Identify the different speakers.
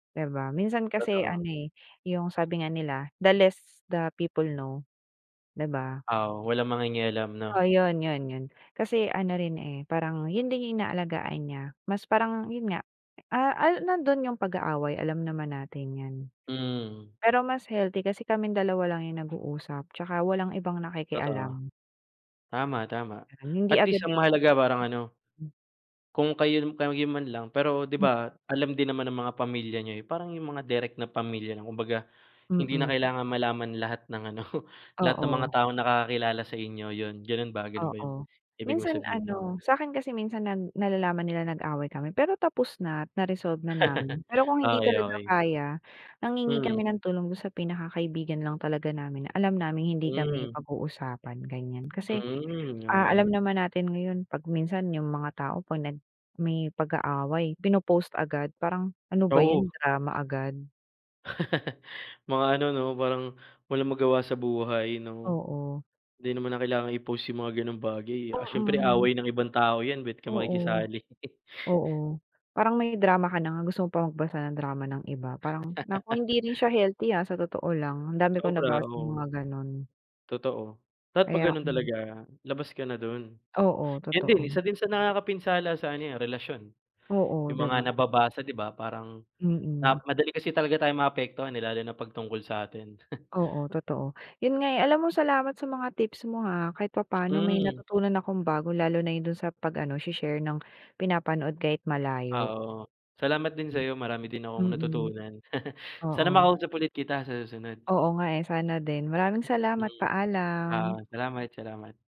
Speaker 1: Di ba, minsan kasi
Speaker 2: Totoo.
Speaker 1: ano eh, yung sabi nga nila, the less the people know, di ba?
Speaker 2: Oo, walang mangingialam, 'no?
Speaker 1: Oo, yun-yun-yun. Kasi ano rin eh, parang yun din yung inaalagaan niya, mas parang yun nga, ah, ah, nandun yung pag-aaway, alam naman natin yan.
Speaker 2: Mm.
Speaker 1: Pero mas healthy kasi kaming dalawa lang yung nag-uusap tsaka walang ibang
Speaker 2: Totoo.
Speaker 1: nakikialam.
Speaker 2: Tama, tama,
Speaker 1: Hindi
Speaker 2: at least
Speaker 1: agad
Speaker 2: ang mahalaga parang ano,
Speaker 1: Hmm. Hmm.
Speaker 2: kung kayo, kayo man lang pero di
Speaker 1: Mm.
Speaker 2: ba alam din naman ng mga pamilya niyo, eh, parang yung mga direct na pamilya lang kumbaga, hindi na
Speaker 1: Mm.
Speaker 2: kailangan malaman lahat ng ano, lahat ng mga
Speaker 1: Oo.
Speaker 2: taong nakakakilala sa inyo, yun, ganun ba ganun ba yung
Speaker 1: Oo,
Speaker 2: ibig mong
Speaker 1: minsan
Speaker 2: sabihin na
Speaker 1: ano,
Speaker 2: ano?
Speaker 1: sa'kin kasi, minsan nal nalalaman nila nag-away kami pero tapos na, at na-resolve na namin. Pero kung hindi
Speaker 2: Okey,
Speaker 1: talaga
Speaker 2: okey.
Speaker 1: kaya, nanghihingi
Speaker 2: Mm.
Speaker 1: kami ng tulong dun sa pinakakaibigan lang talaga namin na alam naming hindi
Speaker 2: Hmm.
Speaker 1: kami pag-uusapan, ganiyan. Kasi,
Speaker 2: Mm,
Speaker 1: ah, alam
Speaker 2: okey.
Speaker 1: naman natin ngayon 'pag minsan yung mga tao, 'pag nag may pag-aaway, pino-post agad, parang ano ba
Speaker 2: Oo.
Speaker 1: yan, drama agad.
Speaker 2: Mga ano, 'no, parang walang magawa sa buhay, 'no?
Speaker 1: Oo.
Speaker 2: Hindi naman na kailangan i-post yung mga gano'ng bagay, eh. Ah, siyempre
Speaker 1: Mm.
Speaker 2: away ng ibang tao yan ba't ka
Speaker 1: Oo,
Speaker 2: makikisali.
Speaker 1: oo, parang may drama ka na nga gusto mo pa magbasa ng drama ng iba, parang naku, hindi rin siya healthy ah, sa totoo lang. Ang dami kong
Speaker 2: Sobra,
Speaker 1: nabasang mga
Speaker 2: oo.
Speaker 1: gano'n.
Speaker 2: Totoo. Dapat 'pag
Speaker 1: Kaya
Speaker 2: ganun
Speaker 1: hmm.
Speaker 2: talaga, labas ka na dun.
Speaker 1: Oo,
Speaker 2: Yun din
Speaker 1: totoo.
Speaker 2: isa din sa nakakapinsala sa ano yan, relasyon.
Speaker 1: Oo,
Speaker 2: Yung
Speaker 1: di ba?
Speaker 2: mga nababasa di ba, parang na
Speaker 1: Mm.
Speaker 2: madali kasi talaga tayong maapektuhan, eh, lalo na 'pag tungkol sa atin.
Speaker 1: Oo, totoo. Yun nga eh, alam mo, salamat sa mga tips mo ha. Kahit papaano may
Speaker 2: Mm.
Speaker 1: natutunan akong bago lalo na yun dun sa pag-ano she-share ng pinapanood kahit malayo.
Speaker 2: Oo, salamat din
Speaker 1: Hmm.
Speaker 2: sayo marami din akong
Speaker 1: Mm.
Speaker 2: natutunan. Sana
Speaker 1: Oo.
Speaker 2: makausap ulit kita sa susunod.
Speaker 1: Oo nga eh, sana din. Maraming
Speaker 2: Mm.
Speaker 1: salamat.
Speaker 2: Ah,
Speaker 1: Paalam.
Speaker 2: salamat-salamat.